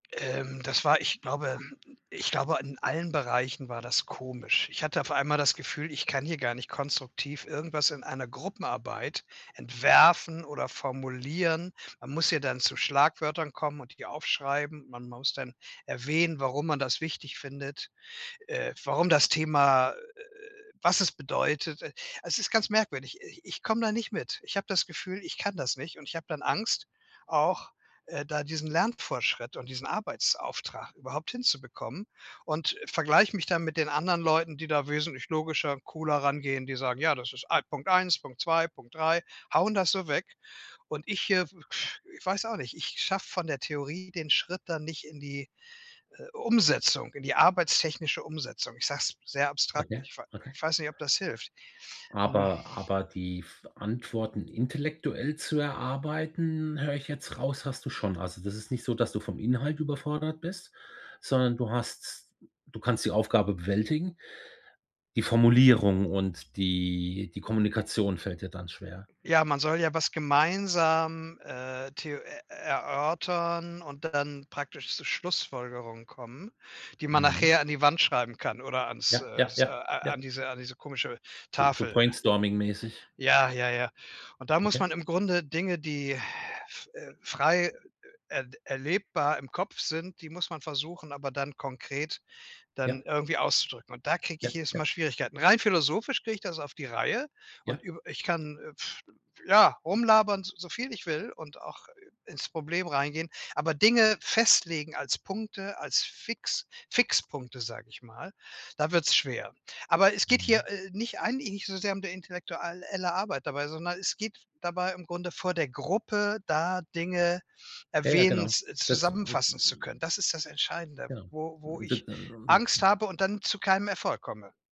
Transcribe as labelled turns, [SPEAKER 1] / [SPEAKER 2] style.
[SPEAKER 1] Ähm, das war, ich glaube ich glaube, in allen Bereichen war das komisch. Ich hatte auf einmal das Gefühl, ich kann hier gar nicht konstruktiv irgendwas in einer Gruppenarbeit entwerfen oder formulieren. Man muss ja dann zu Schlagwörtern kommen und die ja aufschreiben. Man muss dann erwähnen, warum man das wichtig findet. Äh, warum das Thema äh, was es bedeutet. E es ist ganz merkwürdig. Ich ich komme da nicht mit. Ich habe das Gefühl, ich kann das nicht, und ich habe dann Angst auch, äh, da diesen Lernfortschritt und diesen Arbeitsauftrag überhaupt hinzubekommen und vergleiche mich dann mit den anderen Leuten, die da wesentlich logischer und cooler rangehen, die sagen: „Ja das ist Punkt 1, Punkt 2, Punkt 3“ hauen das so weg und ich hier ich weiß auch nicht, ich schaffe von der Theorie den Schritt dann nicht in die, äh, Umsetzung, in die arbeitstechnische Umsetzung. Ich sage es sehr abstrakt,
[SPEAKER 2] Okay,
[SPEAKER 1] ich wei
[SPEAKER 2] okay.
[SPEAKER 1] ich weiß nicht, ob das hilft. Hm.
[SPEAKER 2] Aber aber die f Antworten intellektuell zu erarbeiten, höre ich jetzt raus, hast du schon. Also, das ist nicht so, dass du vom Inhalt überfordert bist, sondern du hast du kannst die Aufgabe bewältigen. Die Formulierung und die die Kommunikation fällt dir dann schwer.
[SPEAKER 1] Ja, man soll ja was gemeinsam, äh, theo äh, erörtern und dann praktisch zu Schlussfolgerungen kommen, die man
[SPEAKER 2] Mhm.
[SPEAKER 1] nachher an die Wand schreiben kann oder ans
[SPEAKER 2] Ja,
[SPEAKER 1] äh,
[SPEAKER 2] ja,
[SPEAKER 1] s äh,
[SPEAKER 2] ja, ja.
[SPEAKER 1] an diese an diese komische
[SPEAKER 2] So so
[SPEAKER 1] Tafel.
[SPEAKER 2] Brainstorming mäßig.
[SPEAKER 1] Ja, ja, ja. Und da muss
[SPEAKER 2] Okay.
[SPEAKER 1] man im Grunde Dinge die, äh, frei er erlebbar im Kopf sind die muss man versuchen aber dann konkret
[SPEAKER 2] Ja.
[SPEAKER 1] dann irgendwie auszudrücken. Und da kriege
[SPEAKER 2] Ja,
[SPEAKER 1] ich jedes Mal
[SPEAKER 2] ja.
[SPEAKER 1] Schwierigkeiten. Rein philosophisch kriege ich das auf die Reihe
[SPEAKER 2] Ja.
[SPEAKER 1] und üb ich kann, ja, rumlabern so viel ich will und auch ins Problem reingehen, aber Dinge festlegen als Punkte, als Fix Fixpunkte, sage ich mal, da wird's schwer. Aber es geht hier,
[SPEAKER 2] [unintelligible]
[SPEAKER 1] äh, nicht eigentlich nicht so sehr um die intellektual elle Arbeit dabei, sondern es geht dabei im Grunde vor der Gruppe, da Dinge
[SPEAKER 2] Jaja, genau.
[SPEAKER 1] erwähnens
[SPEAKER 2] Dazu
[SPEAKER 1] zusammenfassen zu können.
[SPEAKER 2] [unintelligible]
[SPEAKER 1] Das ist das Entscheidende,
[SPEAKER 2] Genau.
[SPEAKER 1] wo wo
[SPEAKER 2] D
[SPEAKER 1] ich Angst
[SPEAKER 2] [unintelligible]
[SPEAKER 1] habe und dann zu keinem Erfolg komme.